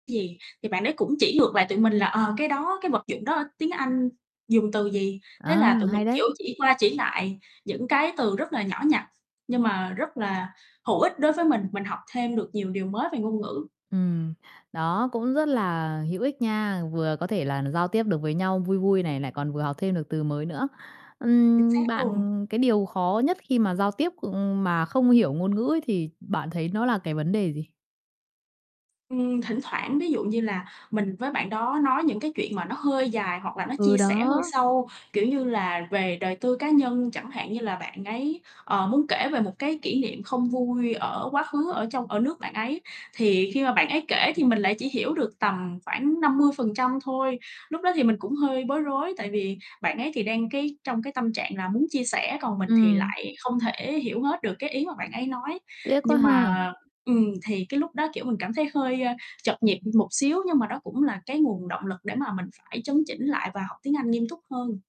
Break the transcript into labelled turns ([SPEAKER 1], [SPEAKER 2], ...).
[SPEAKER 1] Gì? Thì bạn ấy cũng chỉ ngược lại tụi mình là, ờ, cái đó, cái vật dụng đó tiếng Anh dùng từ gì. Thế
[SPEAKER 2] À,
[SPEAKER 1] là tụi mình,
[SPEAKER 2] hay đấy!
[SPEAKER 1] kiểu, chỉ qua chỉ lại những cái từ rất là nhỏ nhặt, nhưng mà rất là hữu ích đối với mình. Mình học thêm được nhiều điều mới về ngôn ngữ.
[SPEAKER 2] Ừm, đó cũng rất là hữu ích nha, vừa có thể là giao tiếp được với nhau vui vui này, lại còn vừa học thêm được từ mới nữa.
[SPEAKER 1] Chính
[SPEAKER 2] Ừm,
[SPEAKER 1] xác luôn.
[SPEAKER 2] bạn cái điều khó nhất khi mà giao tiếp, ưm, mà không hiểu ngôn ngữ ấy thì bạn thấy nó là cái vấn đề gì?
[SPEAKER 1] Ừm, thỉnh thoảng, ví dụ như là, mình với bạn đó nói những cái chuyện mà nó hơi dài, hoặc là nó chia
[SPEAKER 2] Ừ,
[SPEAKER 1] sẻ hơi
[SPEAKER 2] đó.
[SPEAKER 1] sâu, kiểu như là, về đời tư cá nhân chẳng hạn. Như là bạn ấy, ờ, muốn kể về một cái kỷ niệm không vui ở quá khứ ở trong ở nước bạn ấy, thì khi mà bạn ấy kể thì mình lại chỉ hiểu được tầm khoảng 50% thôi. Lúc đó thì mình cũng hơi bối rối, tại vì bạn ấy thì đang cái trong cái tâm trạng là muốn chia sẻ, còn mình thì
[SPEAKER 2] Ừm.
[SPEAKER 1] lại không thể hiểu hết được cái ý mà bạn ấy nói.
[SPEAKER 2] Tiếc quá
[SPEAKER 1] Nhưng
[SPEAKER 2] ha!
[SPEAKER 1] mà ừm, thì cái lúc đó, kiểu, mình cảm thấy hơi, a, trật nhịp một xíu, nhưng mà đó cũng là cái nguồn động lực để mà mình phải chấn chỉnh lại và học tiếng Anh nghiêm túc hơn.